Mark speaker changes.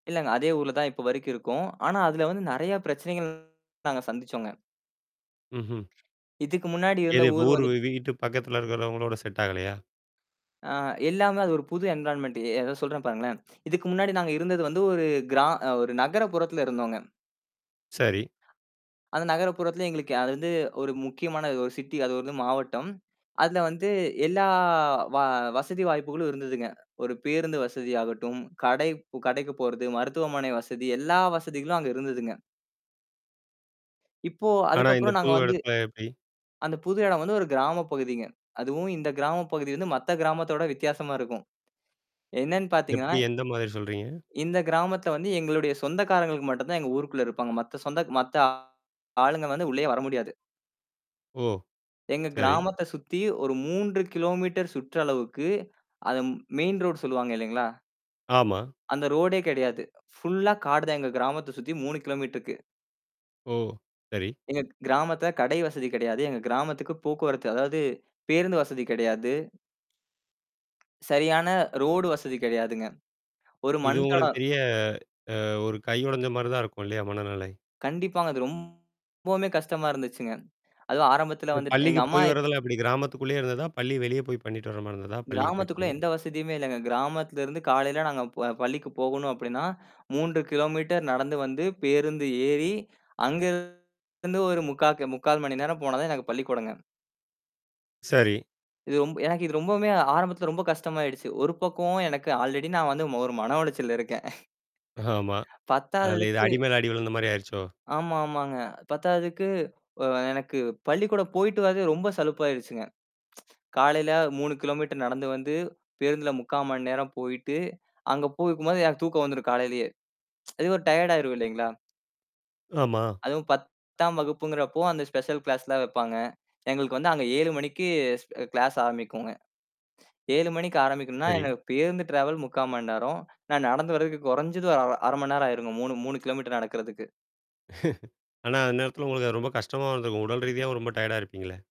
Speaker 1: இல்ல. அதே ஊர்ல தான் இப்போ வரைக்கும் இருக்கோம். ஆனா அதுல வந்து நெறைய பிரச்சனைகள் நாங்க சந்திச்சோம்ங்க.
Speaker 2: ம்ஹ்ம்.
Speaker 1: இதுக்கு முன்னாடி இருந்த
Speaker 2: எது, இப்போ
Speaker 1: ஊர்
Speaker 2: ஊர்
Speaker 1: வந்துட்
Speaker 2: வீட்டு பக்கத்தில இருக்கிறவங்களோட செட் ஆகலையா?
Speaker 1: ஆ எல்லாமே அது ஒரு புது என்விரான்மென்ட் அத சொல்றேன் பாருங்களேன். இதுக்கு முன்னாடி நாங்க இருந்தது வந்து ஒரு கிரா ஒரு நகர புறத்தில இருந்தோங்க.
Speaker 2: சரி.
Speaker 1: அந்த நகர புறத்துல எங்களுக்கு அது வந்து ஒரு முக்கியமான ஒரு சிட்டி அது வந்து மாவட்டம். அதுல வந்து எல்லா வ வசதி வாய்ப்புகளும் இருந்ததுங்க. ஒரு பேருந்து வசதி ஆகட்டும், கடை கடைக்கு போறது, மருத்துவமனை வசதி எல்லா வசதிகளும் அங்கு இருந்ததுங்க. இப்போ
Speaker 2: ஆனா, இந்த
Speaker 1: அதுக்கப்புறம் நாங்க
Speaker 2: புது
Speaker 1: வந்து
Speaker 2: இடத்தில எப்டி?
Speaker 1: அந்த புது இடம் வந்து ஒரு கிராம பகுதிங்க. அதுவும் இந்த கிராம பகுதி வந்து மத்த கிராமத்தோட வித்தியாசமா இருக்கும். என்னன்னு பார்த்தீங்கன்னா,
Speaker 2: எப்டி எந்த மாரி சொல்றீங்க?
Speaker 1: இந்த கிராமத்துல வந்து எங்களுடைய சொந்தக்காரர்களுக்கு மட்டும் தான் எங்க ஊருக்குள்ள இருப்பாங்க. மத்த சொந்த மத்த ஆளுங்க வந்து உள்ளேயே வர முடியாது.
Speaker 2: ஓ!
Speaker 1: எங்க
Speaker 2: சரி.
Speaker 1: கிராமத்த சுத்தி ஒரு 3 கிலோமீட்டர் சுற்றளவுக்கு, அத மெயின் ரோட் சொல்லுவாங்க இல்லீங்களா?
Speaker 2: ஆமா.
Speaker 1: அந்த ரோடே கிடையாது. ஃபுல்லா காடு தான் எங்க கிராமத்த சுத்தி 3 கிலோமீட்டர்க்கு.
Speaker 2: ஓ! சரி.
Speaker 1: எங்க கிராமத்துல கடை வசதி கிடையாது. எங்க கிராமத்துக்கு போக்குவரத்து அதாவது பேருந்து வசதி கிடையாது. சரியான ரோடு வசதி கிடையாதுங்க. ஒரு
Speaker 2: இது உங்களுக்கு
Speaker 1: மண்தடம்
Speaker 2: பெரிய அ ஒரு கை உடைஞ்ச மாரி தான் இருக்கும். இல்லையா? மனநிலை.
Speaker 1: கண்டிப்பாங்க, அது ரொம்பவுமே கஷ்டமா இருந்துச்சுங்க. அதுவும் ஆரம்பத்தில
Speaker 2: அ
Speaker 1: வந்துட் எங்க
Speaker 2: பள்ளிக்கு
Speaker 1: அம்மா
Speaker 2: போய் வரதெல்லாம் எப்படி? கிராமத்துக்குள்ளேயே இருந்ததா? பள்ளி வெளியே போய் பண்ணிட்டு வர மாரி இருந்ததா? பள்ளிக்கு போயிட்டு
Speaker 1: கிராமத்துக்குள்ள
Speaker 2: வர்றது.
Speaker 1: எந்த வசதியுமே இல்லங்க. கிராமத்தில இருந்து காலையில நாங்க ப பள்ளிக்கு போகணும் அப்படின்னா, 3 கிலோமீட்டர் நடந்து வந்து பேருந்து ஏறி அங்க இருந்து ஒரு முக்கா கி 3/4 மணி நேரம் போனா தான் எனக்கு பள்ளிக்கூடங்க.
Speaker 2: சரி.
Speaker 1: இது ரொம் எனக்கு இது ரொம்பவுமே ஆரம்பத்துல ரொம்ப கஷ்டமாயிடுச்சு. ஒரு பக்கமும் எனக்கு ஆல்ரெடி நான் வந்து ஒரு மன உளைச்சல்ல இருக்கேன்.
Speaker 2: ஆமா. அதில இது
Speaker 1: பத்தாததுக்கு
Speaker 2: அடி மேலே அடி விழுந்த மாரி ஆயிடுச்சோ?
Speaker 1: ஆமா ஆமாங்க. பத்தாததுக்கு அ எனக்கு பள்ளிக்கூடம் போயிட்டு வரதே ரொம்ப சலுப்பாயிடுச்சுங்க. காலையில 3 கிலோமீட்டர் நடந்து வந்து பேருந்தில 3/4 மணி நேரம் போயிட்டு அங்க போய் இருக்கும் போது எனக்கு தூக்கம் வந்துரும் காலையிலயே. அதுவே ஒரு டயர்ட் ஆயிடும். இல்லீங்களா?
Speaker 2: ஆமா.
Speaker 1: அதுவும் 10ஆம் வகுப்புங்கிறப்போ அந்த ஸ்பெஷல் கிளாஸ் எல்லாம் வைப்பாங்க. எங்களுக்கு வந்து அங்கே 7:00 மணிக்கு ஸ் கிளாஸ் ஆரம்பிக்குங்க. 7:00 மணிக்கு ஆரம்பிக்கணும்னா,
Speaker 2: சரி.
Speaker 1: எனக்கு பேருந்து டிராவல் 3/4 மணி நேரம். நான் நடந்து வர்றக்கு குறைஞ்சது ஒரு அர 1/2 மணி நேரம் ஆயிடும். 3, 3 கிலோமீட்டர் நடக்கறக்கு.
Speaker 2: ஆனா அந்த நேரத்தில உங்களுக்கு அது ரொம்ப கஷ்டமா இருந்திருக்கும். உடல் ரீதியாவும் ரொம்ப டயர்டா இருப்பீங்களே.